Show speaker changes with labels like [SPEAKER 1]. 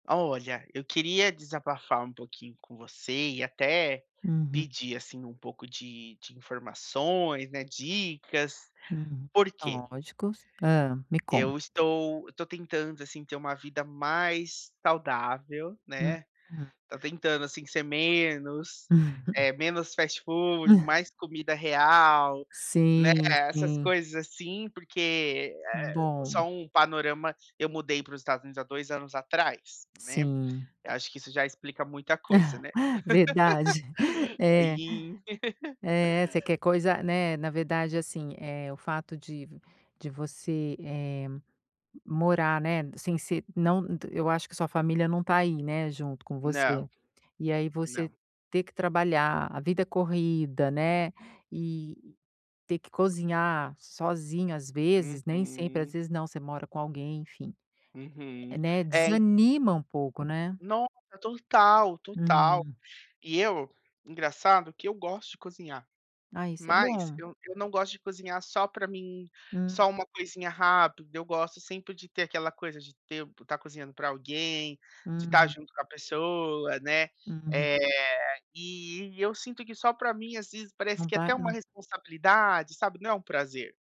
[SPEAKER 1] Olha, eu queria desabafar um pouquinho com você e até
[SPEAKER 2] Uhum.
[SPEAKER 1] pedir, assim, um pouco de de informações, né, dicas,
[SPEAKER 2] Hum,
[SPEAKER 1] por quê?
[SPEAKER 2] lógicos. Hã, me
[SPEAKER 1] Eu
[SPEAKER 2] conta.
[SPEAKER 1] estou eu tô tentando, assim, ter uma vida mais saudável, né.
[SPEAKER 2] Uhum.
[SPEAKER 1] Tô tentando, assim, ser menos eh, menos fast food, mais comida real, né,
[SPEAKER 2] Sim,
[SPEAKER 1] essas
[SPEAKER 2] sim.
[SPEAKER 1] coisas assim. Porque, eh só
[SPEAKER 2] Bom.
[SPEAKER 1] um panorama: eu mudei para os Estados Unidos há 2 anos atrás, né.
[SPEAKER 2] Sim.
[SPEAKER 1] Eu acho que isso já explica muita coisa, né.
[SPEAKER 2] Verdade. É.
[SPEAKER 1] E
[SPEAKER 2] É, você quer coisa né, na verdade assim, eh, o fato de de você, eh, morar, né, sem ser não eu acho que sua família não tá aí, né, junto com você.
[SPEAKER 1] Não.
[SPEAKER 2] E aí, você
[SPEAKER 1] Não.
[SPEAKER 2] ter que trabalhar, a vida corrida, né, e ter que cozinhar sozinho às vezes, nem sempre às
[SPEAKER 1] Uhum.
[SPEAKER 2] vezes não, você mora com alguém, enfim,
[SPEAKER 1] Uhum,
[SPEAKER 2] né,
[SPEAKER 1] é, en
[SPEAKER 2] desanima um pouco, né.
[SPEAKER 1] Nossa, total, total.
[SPEAKER 2] Hum.
[SPEAKER 1] E eu engraçado que eu gosto de cozinhar,
[SPEAKER 2] Ah, isso é
[SPEAKER 1] mas
[SPEAKER 2] bom.
[SPEAKER 1] eu eu não gosto de cozinhar só pra mim,
[SPEAKER 2] Hum.
[SPEAKER 1] só uma coisinha rápida. Eu gosto sempre de ter aquela coisa de ter estar cozinhando pra alguém, de estar
[SPEAKER 2] Hum.
[SPEAKER 1] junto com a pessoa, né.
[SPEAKER 2] Hum.
[SPEAKER 1] Eh, e eu sinto que só pra mim às vezes parece
[SPEAKER 2] Não
[SPEAKER 1] que é
[SPEAKER 2] tá,
[SPEAKER 1] até uma
[SPEAKER 2] não
[SPEAKER 1] responsabilidade, sabe, não é um prazer.